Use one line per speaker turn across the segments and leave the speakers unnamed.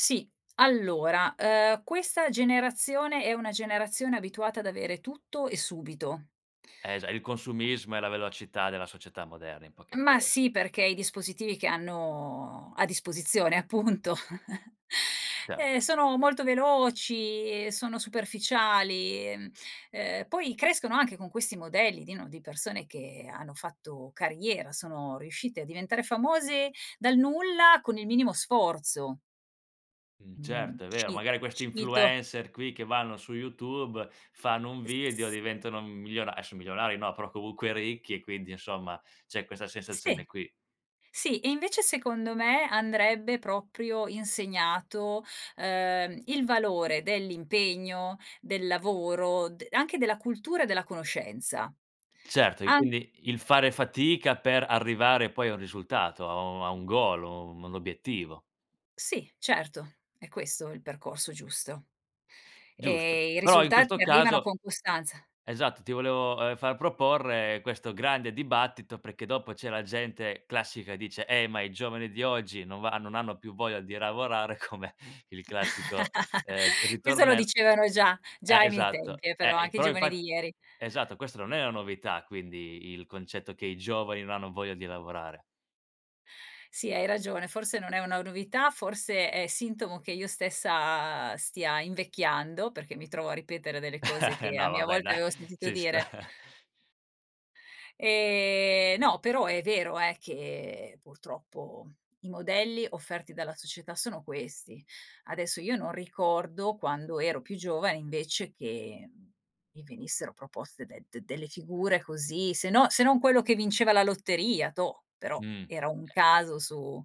Sì, allora, ehm, questa generazione è una generazione abituata ad avere tutto e subito.
Eh già il consumismo è la velocità della società moderna in poche
Ma
parole, sì.
sì perché i dispositivi che hanno a disposizione appunto,
Certo.
eh sono molto veloci e sono superficiali, ehm, ehm, poi crescono anche con questi modelli di, no, di persone che hanno fatto carriera, sono riuscite a diventare famose dal nulla con il minimo sforzo.
Mh,
Mhmm,
certo, è vero.
ci
Magari questi
cito.
influencer qui che vanno su YouTube fanno un video,
S
diventano m miliona adesso milionari, no, però comunque ricchi e quindi insomma c'è questa
Sì,
sensazione qui.
sì e invece secondo me andrebbe proprio insegnato, ehm, il valore dell'impegno, del lavoro, de anche della cultura e della conoscenza,
Certo, e
am
quindi il fare fatica per arrivare poi a un risultato, a un a un goal, a un un obiettivo.
Sì, certo, è questo il percorso giusto,
Giusto.
ehm, i
Però in
risultati
questo
mi arrivano con
caso
costanza.
esatto, ti volevo, ehm, far proporre, ehm, questo grande dibattito perché dopo c'è la gente classica e dice: "Eh ma i giovani di oggi non va non hanno più voglia di lavorare" come il classico, ehm,
Questo lo
ritornell
dicevano già
eh
già ai miei
esatto,
tempi eh,
eh
però
i
anche i
però
giovani
infatt
di ieri.
esatto, questa non è una novità quindi il concetto che i giovani non hanno voglia di lavorare.
Sì, hai ragione, forse non è una novità, forse è sintomo che io stessa stia invecchiando perché mi trovo a ripetere delle cose che a
No va
mia
beh
volta
dai,
avevo sentito
ci sta.
dire. Ehm, no, però è vero eh, che purtroppo i modelli offerti dalla società sono questi. Adesso io non ricordo quando ero più giovane invece che, mhmm, mi venissero proposte de d delle figure così, se no se non quello che vinceva la lotteria, toh, però
Mh,
era un
certo.
caso su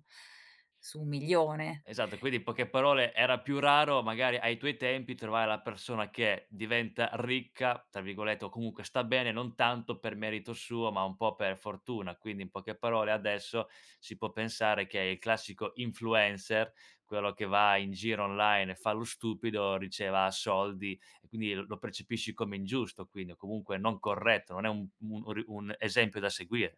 su un milione,
Esatto, quindi in
e
poche parole era più raro magari ai tuoi tempi trovare la persona che diventa "ricca," tra virgolette, o comunque sta bene, non tanto per merito suo, ma un po' per fortuna. Quindi in poche parole adesso si può pensare che è il classico influencer, quello che va in giro online e fa lo stupido, riceva soldi, quindi lo percepisci come ingiusto, quindi o comunque non corretto, non è un un ri un esempio da seguire.